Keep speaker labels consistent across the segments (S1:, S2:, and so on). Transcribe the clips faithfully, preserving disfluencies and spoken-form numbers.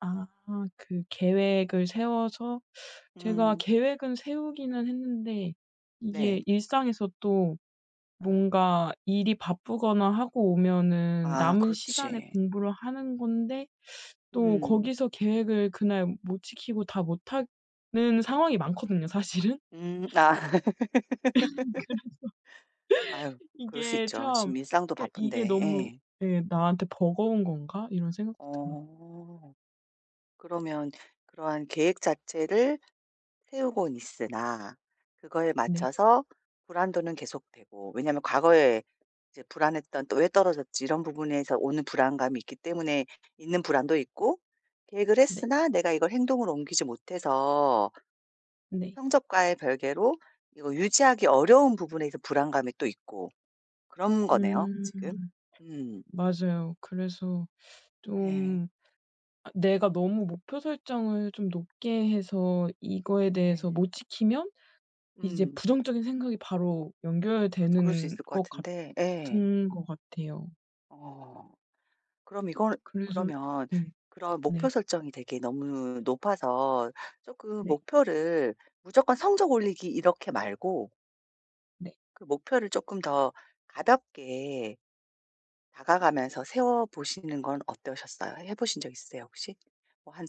S1: 아. 그 계획을 세워서 제가
S2: 음.
S1: 계획은 세우기는 했는데
S2: 네.
S1: 이게 일상에서 또
S2: 예.
S1: 뭔가 일이 바쁘거나 하고 오면은
S2: 아
S1: 남은 시간에
S2: 그렇지.
S1: 공부를 하는 건데 또
S2: 음.
S1: 거기서 계획을 그날 못 지키고 다 못하는 상황이 많거든요 사실은.
S2: 음. 아.
S1: 그래서.
S2: 아유. 그럴 수
S1: 이게
S2: 있죠.
S1: 참
S2: 지금 일상도
S1: 그러니까 이게
S2: 바쁜데.
S1: 너무
S2: 예.
S1: 예. '나한테 버거운 건가?' 이런 생각도 들어요.
S2: 어. 그러면 그러한 계획 자체를 세우곤 있으나 그거에
S1: 네.
S2: 맞춰서 불안도는 계속되고. 왜냐하면 과거에 이제 불안했던 또 '왜 떨어졌지?' 이런 부분에서 오는 불안감이 있기 때문에 있는 불안도 있고 계획을
S1: 네.
S2: 했으나 내가 이걸 행동으로 옮기지 못해서
S1: 네.
S2: 성적과의 별개로 이거 유지하기 어려운 부분에 이제 불안감이 또 있고 그런 거네요
S1: 음.
S2: 지금. 음.
S1: 맞아요. 그래서
S2: 예.
S1: 좀 아 내가 너무 목표 설정을 좀 높게 해서 이거에 대해서
S2: 네.
S1: 못 지키면 이제
S2: 예.
S1: 부정적인 생각이 바로
S2: 그럴 그럴 수
S1: 연결되는
S2: 있을 것
S1: 것
S2: 같은데 예.
S1: 같은 것 같아요.
S2: 어. 그럼 이건
S1: 그래서
S2: 그러면
S1: 네.
S2: 그런 목표
S1: 네.
S2: 설정이 되게 너무 높아서 쪼금
S1: 네.
S2: 목표를 무조건 성적 올리기 이렇게 말고
S1: 네.
S2: 그 목표를 쪼끔 더 가볍게 다가가면서 세워보시는 건 어떠셨어요? 해보신 적 있으세요 혹시? 뭐 한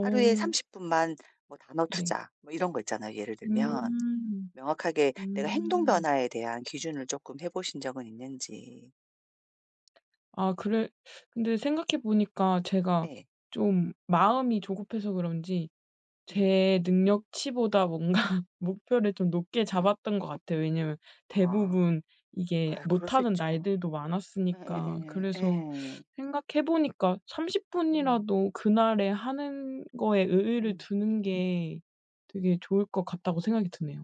S2: 하루에 삼십 분만 뭐 단어
S1: 네.
S2: 투자 뭐 이런 거 있잖아요 예를 들면.
S1: 음.
S2: 명확하게 내가 행동
S1: 음.
S2: 변화에 대한 기준을 쪼끔 해보신 적은 있는지.
S1: 아 그래 근데 생각해 보니까 제가
S2: 예.
S1: 좀 마음이 조급해서 그런지
S2: 음.
S1: 제 능력치보다 뭔가 목표를 좀 높게 잡았던 것 같아요. 왜냐하면
S2: 아.
S1: 대부분 이게
S2: 아유 그럴 수
S1: 못하는
S2: 있죠.
S1: 날들도 많았으니까
S2: 예예예.
S1: 그래서
S2: 예.
S1: 생각해 보니까 '삼십
S2: 음.
S1: 분이라도 그날에 하는 거에 의의를
S2: 음.
S1: 두는 게 되게 좋을 것 같다.'고 생각이 드네요.